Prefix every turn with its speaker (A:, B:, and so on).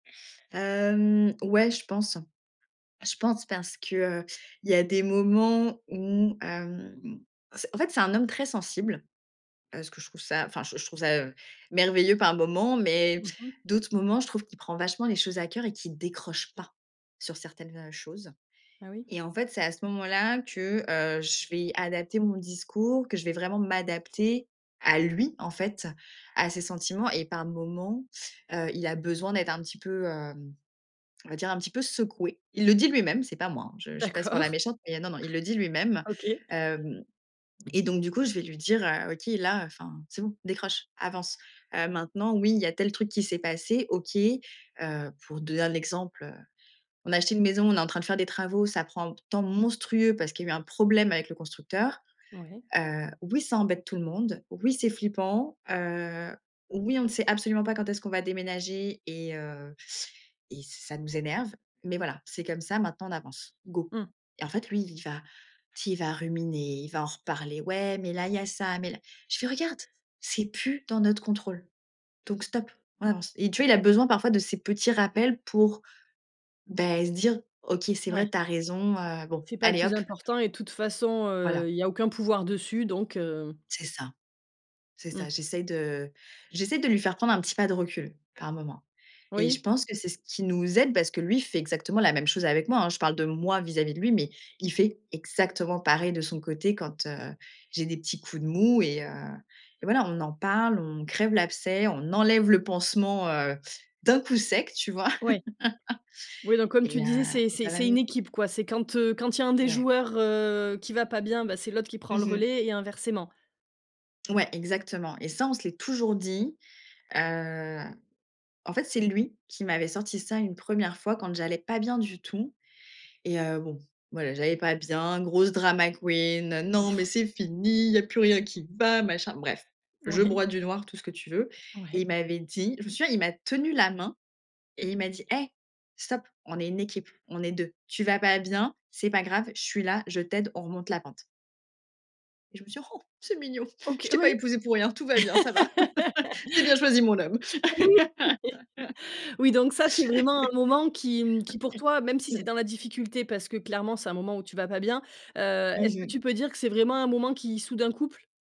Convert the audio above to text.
A: Hem, ouais, je pense. Je pense, parce que, heu, il y a des moments où, hem, c en fait, c'est un homme très sensible. Heu, ce que je trouve ça enfin j je trouve ça, heu, merveilleux par moments mais
B: Mmh mh.
A: d'autres moments, je trouve qu'il prend vachement les choses à cœur et qu'il décroche pas sur certaines, heu, choses
B: Ah oui?
A: et en fait, c'est à ce moment là que, heu, je vais adapter mon discours, que je vais vraiment m'adapter à lui en fait, à ses sentiments et par moments, heu, il a besoin d'être un petit peu, hem, on va dire un petit peu secoué. Il le dit lui-même, c'est pas moi, hein. Je je passe pour la
B: D'accord.
A: méchante, mais non, non, il le dit lui même.
B: OK.
A: Hem, et donc du coup, je vais lui dire: «Heu, OK, là, enfin, c'est bon, décroche, avance», heu, maintenant oui, il y a tel truc qui s'est passé, OK, heu, pour donner un exemple, heu, on a acheté une maison, on est en train de faire des travaux, ça prend p temps monstrueux parce qu'il y a eu un problème avec le constructeur.
B: Mouais.
A: Heu, oui ça embête tout le monde. Oui, c'est flippant, heu. Oui, on ne sait absolument pas quand est-ce qu'on va déménager et heu, et ç ça nous énerve mais voilà, c'est comme ça. Maintenant on avance. Go,
B: Mmh.
A: et en fait lui, il va, tu sais? Il va ruminer, il va en reparler. Ouais, mais là il y a ça, mais là je fais: «Regarde! C'est plus dans notre contrôle. Donc stop, on avance» et tu vois, il a besoin parfois de ces petits rappels pour, beh, se dire «OK, c'est vrai,
B: Mouais.
A: tu as raison, heu. Bon,
B: C'est pas le
A: allez
B: plus
A: hop».
B: important et de toute façon,
A: Voilà.
B: heu, il y a aucun pouvoir dessus donc, heu
A: C'est ça. C'est ça.
B: Mmh.
A: J'essaie de j'essaie de lui faire prendre un petit pas de recul, par moment et je
B: Oui.
A: pense que c'est ce qui nous aide parce que lui fait exactement la même chose avec moi, hein. Je parle de moi vis-à-vis de lui, mais il fait exactement pareil de son côté quand, heu, j'ai des petits coups de mou et heu, et voilà, on en parle, on crève l'abcès, on enlève le pansement, heu, d'un coup sec, tu vois?
B: Ouais. Oui, donc comme tu
A: Et heu,
B: disais c'est
A: et
B: c'est
A: ça va
B: c'est
A: mieux.
B: une équipe quoi. C'est quand, heu, quand il y a un des
A: Ouais.
B: joueurs, heu, qui va pas bien, bah, c'est l'autre qui
A: Mmh
B: prend le
A: mh.
B: relais, et inversement.
A: Ouais, exactement et ça, on se l'est toujours dit, heu. En fait, c'est lui qui m'avait sorti ça une 1re fois quand j'allais pas bien du tout et heu, bon, voilà, j'allais pas bien grosse drama queen. Non mais c'est fini, il y a plus rien qui va machin, bref. Je
B: Moui.
A: broie du noir, tout ce que tu veux et
B: Ouais.
A: il m'avait dit je me souviens il m'a tenu la main, et il m'a dit: «Hey stop! On est une équipe, on est 2. Tu vas pas bien? C'est pas grave, je suis là, je t'aide, on remonte la pente». Et je me suis dit: «C'est mignon! Je
B: OK,
A: t'ai pas
B: oui.
A: épousé pour rien, tout va bien, ça va. J'ai bien choisi mon homme».
B: Oui, oui, donc ça c'est vraiment un moment qui, mmh, qui pour toi, même si c'est dans la difficulté parce que clairement c'est un moment où tu vas pas bien, heu,
A: Mmh
B: est-ce que tu
A: mh.
B: peux dire que c'est vraiment un moment qui, soude un couple?